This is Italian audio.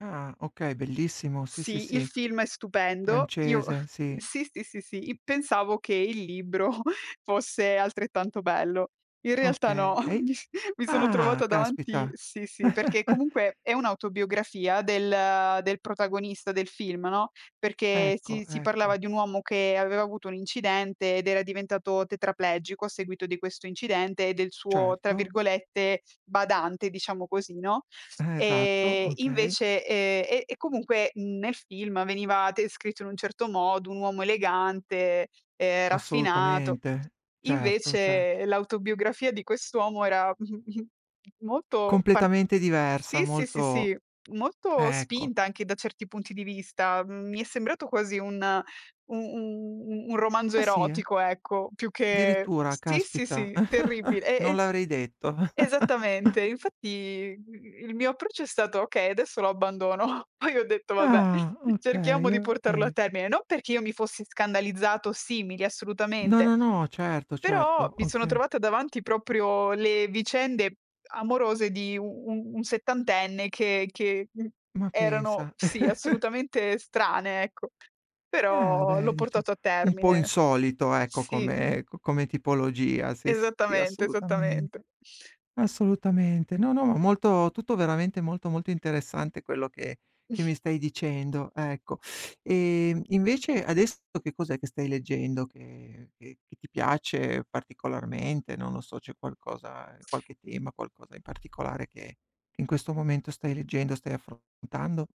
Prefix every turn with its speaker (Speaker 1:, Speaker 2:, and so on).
Speaker 1: Ah, okay bellissimo, sì, sì,
Speaker 2: Sì, il
Speaker 1: sì.
Speaker 2: film è stupendo. Io
Speaker 1: Francese, sì.
Speaker 2: sì, sì, sì, sì, i pensavo che il libro fosse altrettanto bello. In realtà no,
Speaker 1: Okay.
Speaker 2: mi s mi sono
Speaker 1: Ah,
Speaker 2: trovata davanti
Speaker 1: caspita.
Speaker 2: sì, sì, perché comunque è un'autobiografia del del protagonista del film, no, perché si
Speaker 1: Ecco,
Speaker 2: si parlava
Speaker 1: ecco.
Speaker 2: di un uomo che aveva avuto un incidente, ed era diventato tetraplegico a seguito di questo incidente, e del suo tra
Speaker 1: Certo.
Speaker 2: virgolette, "badante" diciamo così, no,
Speaker 1: Eh, esatto,
Speaker 2: e
Speaker 1: okay.
Speaker 2: invece, ehm, e e comunque, mhmm, nel film veniva descritto in un certo modo, un uomo elegante, ehm, raffinato.
Speaker 1: Assolutamente, certo, cer
Speaker 2: Invece l'autobiografia di quest'uomo era mh, mh, molto par
Speaker 1: Completamente diversa,
Speaker 2: sì, sì, sì,
Speaker 1: molto
Speaker 2: si molto
Speaker 1: ecco.
Speaker 2: spinta, anche da certi punti di vista; mhmm, mi è sembrato quasi un u un un romanzo
Speaker 1: Eh, sì eh.
Speaker 2: erotico ecco, più che
Speaker 1: Addirittura
Speaker 2: sì, sì,
Speaker 1: caspita,
Speaker 2: sì terribile. E
Speaker 1: non l'avrei detto.
Speaker 2: e esattamente, infatti, mhmm, il mio approccio è stato: "Okay, adesso lo abbandono". Poi ho detto: "Vabbè,
Speaker 1: Ah, okay,
Speaker 2: cerchiamo di portarlo a
Speaker 1: okay.
Speaker 2: termine". Non perché io mi fossi scandalizzata o simili,
Speaker 1: No,
Speaker 2: assolutamente,
Speaker 1: no, no, certo,
Speaker 2: però
Speaker 1: certo,
Speaker 2: mi sono
Speaker 1: okay.
Speaker 2: trovata davanti proprio le vicende amorose di u u un settantenne, che che, mhmm,
Speaker 1: Ma
Speaker 2: erano
Speaker 1: pensa.
Speaker 2: sì, assolutamente strane, ecco.
Speaker 1: Ah
Speaker 2: Però
Speaker 1: beh,
Speaker 2: l'ho
Speaker 1: dice
Speaker 2: portato a
Speaker 1: un po'
Speaker 2: termine.
Speaker 1: insolito ecco,
Speaker 2: Sì.
Speaker 1: come co come tipologia, sì, sì,
Speaker 2: Esattamente, esattamente.
Speaker 1: assolutamente, assolutamente. No, no, ma molto tutto veramente molto, molto interessante quello che che mi stai dicendo, ecco. Ehm, e invece adesso che cos'è che stai leggendo, che che che ti piace particolarmente, non lo so, c'è qualcosa, ehm, qualche tema, qualcosa in particolare, che in questo momento stai leggendo, stai affrontando?